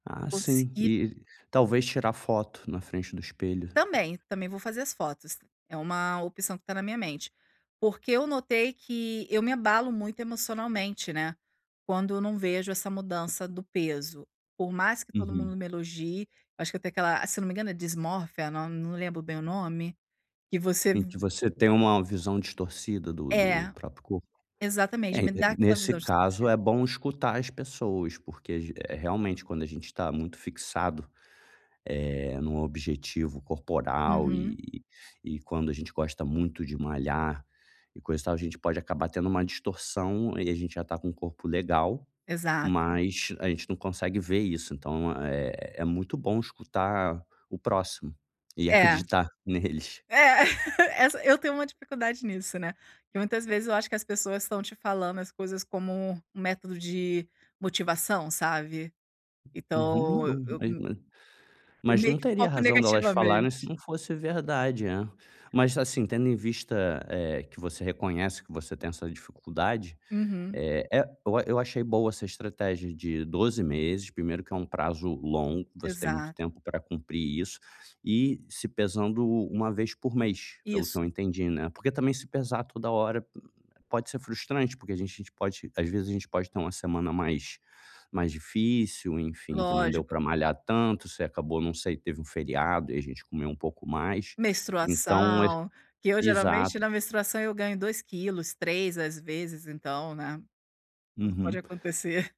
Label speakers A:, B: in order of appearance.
A: Ah sim,
B: Consegui
A: e talvez tirar foto na frente do espelho.
B: Também, também vou fazer as fotos, é uma opção que tá na minha mente. Porque eu notei que eu me abalo muito emocionalmente, né. Quando eu não vejo essa mudança do peso. Por mais que todo
A: Uhum.
B: mundo me elogie, acho que eu tenho aquela, ah, se eu não me engano é dismorfia, não lembro bem o nome, que você
A: Em
B: v
A: que você tem uma visão distorcida do
B: É,
A: do próprio corpo?
B: exatamente,
A: É, e
B: me
A: e
B: dá aquela
A: nesse
B: visão
A: caso,
B: distorcida.
A: é bom escutar as pessoas. Porque, eh, realmente quando a gente está muito fixado, eh, num objetivo corporal,
B: Uhum.
A: e e quando a gente gosta muito de malhar, e coisa e tal. A gente pode acabar tendo uma distorção e a gente já está com um corpo legal,
B: Exato.
A: mas a gente não consegue ver isso, então, é é muito bom escutar o próximo e
B: É.
A: acreditar neles.
B: É, essa eu tenho uma dificuldade nisso, né, que muitas vezes eu acho que as pessoas estão te falando as coisas como um método de motivação, sabe?
A: Uhum,
B: Então, e
A: um
B: eu
A: é
B: me
A: é,
B: eu
A: mas
B: meio
A: não
B: que
A: teria
B: foco
A: razão delas falarem se
B: negativamente.
A: não fosse verdade, né, mas assim tendo em vista, eh, que você reconhece que você tem essa dificuldade.
B: Uhum.
A: É é o eu eu achei boa essa estratégia de 12 meses primeiro que é um prazo longo. Você tem muito
B: Exato.
A: tempo pra cumprir isso, e se pesando 1 vez por mês, pelo que
B: Isso.
A: eu entendi, né. Porque também se pesar toda hora pode ser frustrante, porque a gente pode às vezes a gente pode ter uma semana mais mais difícil. Enfim que não deu
B: Lógico.
A: pra malhar tanto, você acabou não sei teve um feriado e a gente comeu um pouco mais, então ach
B: Menstruação, que eu geralmente,
A: exato.
B: na menstruação eu ganho 2 quilos, 3, às vezes então né, tudo pode
A: Uhum.
B: acontecer.